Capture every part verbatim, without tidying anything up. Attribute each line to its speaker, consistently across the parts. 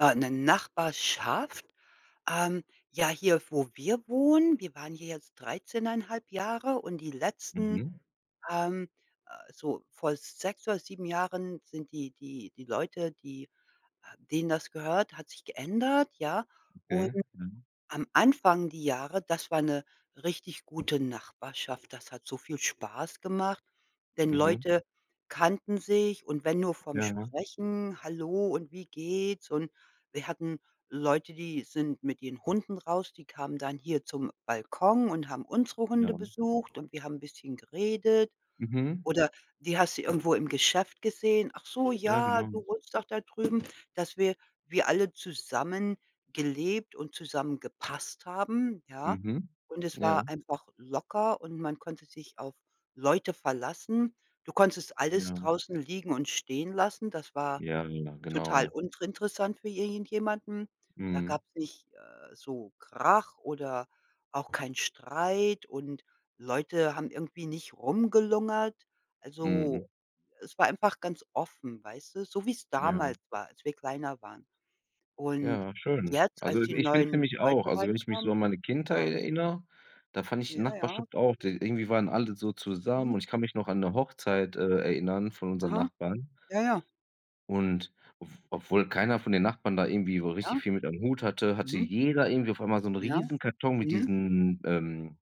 Speaker 1: Ah, 'ne Nachbarschaft. Ähm, ja, hier, wo wir wohnen, wir waren hier jetzt dreizehn einhalb Jahre und die letzten
Speaker 2: Mhm.
Speaker 1: ähm, äh, so vor sechs oder sieben Jahren sind die die die Leute, die äh, denen das gehört, hat sich geändert, ja. Und
Speaker 2: Okay. Mhm.
Speaker 1: am Anfang die Jahre, das war 'ne richtig gute Nachbarschaft. Das hat so viel Spaß gemacht, denn
Speaker 2: Mhm.
Speaker 1: Leute kannten sich und wenn nur vom
Speaker 2: Jaha.
Speaker 1: sprechen: „Hallo und wie geht's?“ Und wir hatten Leute, die sind mit ihren Hunden raus, die kamen dann hier zum Balkon und haben unsere Hunde
Speaker 2: Ja.
Speaker 1: besucht und wir haben 'n bisschen geredet.
Speaker 2: Mhm.
Speaker 1: Oder die hast du irgendwo im Geschäft gesehen. „Ach so,
Speaker 2: Ja,
Speaker 1: ja,
Speaker 2: genau.
Speaker 1: du wohnst doch da drüben“, dass wir wir alle zusammengelebt und zusammengepasst haben, ja?
Speaker 2: Mhm.
Speaker 1: Und es
Speaker 2: Ja.
Speaker 1: war einfach locker und man konnte sich auf Leute verlassen. Du konntest alles
Speaker 2: Ja.
Speaker 1: draußen liegen und stehen lassen. Das war
Speaker 2: Ja, ja, ja
Speaker 1: total
Speaker 2: genau.
Speaker 1: untrintressant für i irgendjemanden. Da
Speaker 2: Mhm.
Speaker 1: gab's nicht, äh, so Krach oder auch keinen Streit und Leute haben irgendwie nicht rumgelungert.
Speaker 2: Mhm.
Speaker 1: Also, es war einfach ganz offen, weißt du? So wie's
Speaker 2: Ja.
Speaker 1: damals war, als wir kleiner waren. Und
Speaker 2: Ja, schön.
Speaker 1: jetzt,
Speaker 2: Also,
Speaker 1: als
Speaker 2: [unintelligible]
Speaker 1: die
Speaker 2: ich finde es
Speaker 1: neuen
Speaker 2: nämlich
Speaker 1: Leute
Speaker 2: auch also, wenn ich mich so
Speaker 1: reinkamen
Speaker 2: an meine Kindheit
Speaker 1: ja.
Speaker 2: erinnere, da fand ich die
Speaker 1: Ja, ja.
Speaker 2: Nachbarschaft auch, d irgendwie waren alle so zusammen
Speaker 1: Mhm.
Speaker 2: und ich kann mich noch an 'ne
Speaker 1: Ja.
Speaker 2: Hochzeit, äh, erinnern von unseren
Speaker 1: Aha.
Speaker 2: Nachbarn.
Speaker 1: Ja, ja.
Speaker 2: Und ob obwohl keiner von den Nachbarn da irgendwie so richtig
Speaker 1: Ja.
Speaker 2: viel mit am Hut hatte, hatte
Speaker 1: Mhm.
Speaker 2: jeder irgendwie auf einmal so 'n
Speaker 1: Ja.
Speaker 2: Riesenkarton mit
Speaker 1: Mhm.
Speaker 2: diesen, ähm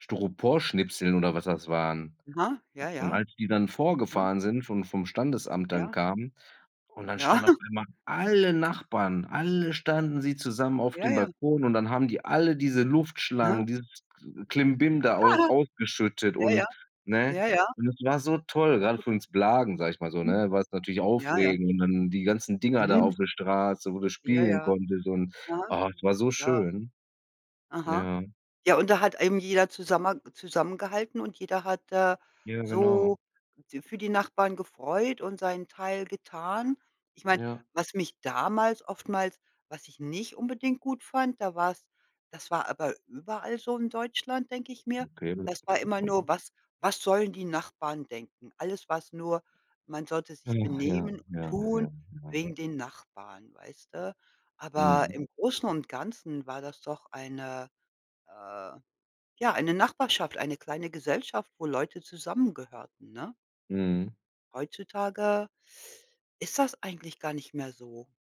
Speaker 2: Styroporschnipseln oder was das waren.
Speaker 1: Aha, ja,
Speaker 2: Und
Speaker 1: ja.
Speaker 2: als die dann
Speaker 1: Aha.
Speaker 2: vorgefahren sind, von vom Standesamt dann
Speaker 1: Ja.
Speaker 2: kamen und dann
Speaker 1: Ja.
Speaker 2: standen auf einmal alle Nachbarn, alle standen sie zusammen auf
Speaker 1: Ja.
Speaker 2: dem
Speaker 1: Ja.
Speaker 2: Balkon und dann haben die alle diese
Speaker 1: Aha.
Speaker 2: Luftschlangen, dieses äh,
Speaker 1: [unintelligible]
Speaker 2: Klimbim da aus ausgeschüttet
Speaker 1: Ja, ja.
Speaker 2: und, ne?
Speaker 1: Ja, ja.
Speaker 2: Und es war so toll, gerade für uns Blagen, sage ich mal so,
Speaker 1: Hm.
Speaker 2: ne? War es natürlich
Speaker 1: Ja, ja.
Speaker 2: aufregend und dann die ganzen Dinger da
Speaker 1: Mhm.
Speaker 2: auf der Straße, wo du
Speaker 1: Ja,
Speaker 2: spielen
Speaker 1: ja.
Speaker 2: konntest und,
Speaker 1: Aha.
Speaker 2: ah, es war so
Speaker 1: Ja.
Speaker 2: schön.
Speaker 1: Aha.
Speaker 2: Ja.
Speaker 1: Ja, und da hat eben jeder zusammenha zusammengehalten und jeder hat, äh,
Speaker 2: Ja, genau.
Speaker 1: so d für die Nachbarn gefreut und seinen Teil getan. Ich meine,
Speaker 2: Ja.
Speaker 1: was mich damals oftmals was ich nicht unbedingt gut fand, da war's das war aber überall so in Deutschland, denke ich mir.
Speaker 2: Okay,.
Speaker 1: Das war immer
Speaker 2: [unintelligible]
Speaker 1: nur: „Was was sollen die Nachbarn denken?“ Alles war's nur man sollte
Speaker 2: Och
Speaker 1: sich
Speaker 2: ja,
Speaker 1: benehmen und
Speaker 2: ja,
Speaker 1: tun
Speaker 2: ja, ja.
Speaker 1: wegen den Nachbarn, weißte? Aber
Speaker 2: Mhm.
Speaker 1: im Großen und Ganzen war das doch eine äh, ja, eine Nachbarschaft, eine kleine Gesellschaft, wo Leute zusammengehörten, ne?
Speaker 2: Mhm.
Speaker 1: Heutzutage ist das eigentlich gar nicht mehr so.